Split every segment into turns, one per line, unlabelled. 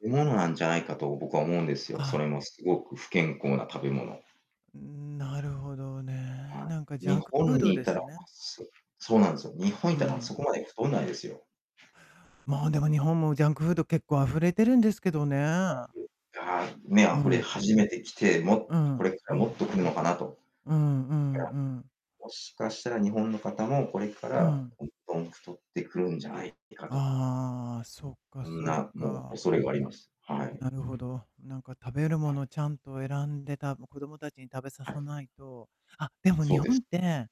食べ物なんじゃないかと僕は思うんですよ。
あ
そ
あ。
れも凄く不健康な食べ物。
うーん、なるほどね。
は
なんか
い。
ジャ
日
ンク
本
フード
にい
で
たら
す
あ、
ね。
すそうなんすよ。日本い
う
たらそ
ん。
こまで太んないですよ。
もう、でも日本も、ジャンクフード、結構溢れてるんですけどね。
ああ、ね、あ
うん
ふ
う
れ
ん。
始めてきて、
う
もこれ
ん、
か
う
らもっ
ん。
と来るのかなと。
うんうん
いや、
うん。
もしかしたら日本の方もこれか
う
ら
ん。
どんどん太ってくるんじゃないかと。
ああ、そっか
そん
そっ
な、もう、
か。
恐れがあります。はい。
なるほど、なんか、食べるも
はい。
のちゃんと選んで、た子どもたちに食べさ
はい。
さないと、あ、でも
そ
日
うで
本っ
す。
て、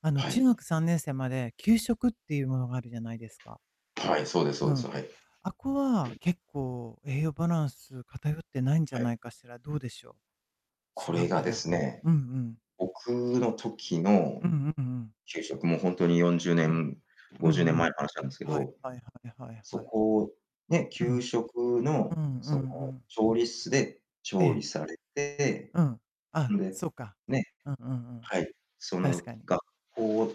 あの、
は
中
い。
学3年生まで給食っていうものがあるじゃないですか。
はい、そうですそう
う
です、そ
ん。
はい。
あっこは、結構栄養バランス偏ってないんじ
は
ゃ
い。
ないかしら。どうでしょ
こ
う。違
れ
う
が
か
で
な？
すね、
うんうん。
僕の時の
うんうんうん。
給食、もうほんとによんじゅうね
うん。
ん
う
ごじゅう
ん
ねん
うん。
前の話なんですけ
はい
ど、
はいはいはい
そ
はい。
こ、ね、
う
給
ん。
食
うん
の、
う
そ
ん
の
うん。
調理室で
え
調理
え。
されて
うん、あ、
んで、
そうか。
ね、
うんうんうん。
はい、そ
確
の
かに。
学校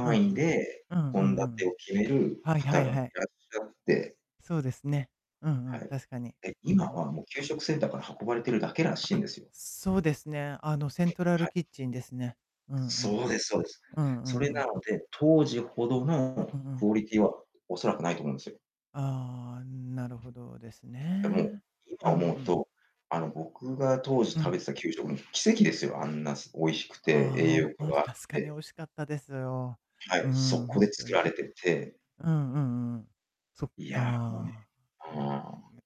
うんう
位
ん。
で
うんう
献
ん
立
うん。
を決める
はいは
方
い
がい
はい。
らっしゃって
そうですね、うんう
は
ん、
い。
確かに。
で、
うんう
今
ん。
はもう給食センターから運ばれてるだけら
あ
しいん
あ、
ですよ。
そうですね、あの、セントラ
は
ル
い。
キッチンですね。うんう
そ
ん。
うですそうです。
うんう
そ
ん
れ
う
な
ん。
ので、当時ほど
うん。
の
うんう
ク
ん。
オリティは恐らくないと思うんすよ。
ああ、なるほどです
でも、
ね。
今
うん
思
う
う
ん。
と、あの、僕が当時
う
食べ
ん。
てた給食も奇跡ですよ。あんな、す美味しくて、栄
ああ、
養
おお、
価
あ、
が
し
あっ
確かに
て。
美味しかったです、おお。
はい、
う
そ
ん、
こ
ほ
で
んと
作ら
に。
れてて
うんうんうん。そっ
いや、もうね、
か。
う
なん
ーん。
ね。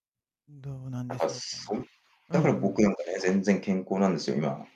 どうなん
なん
で
か、
しょうかね。
そん
う
だから
んう
僕
ん。
なんかね、全然健康なんですよ、今。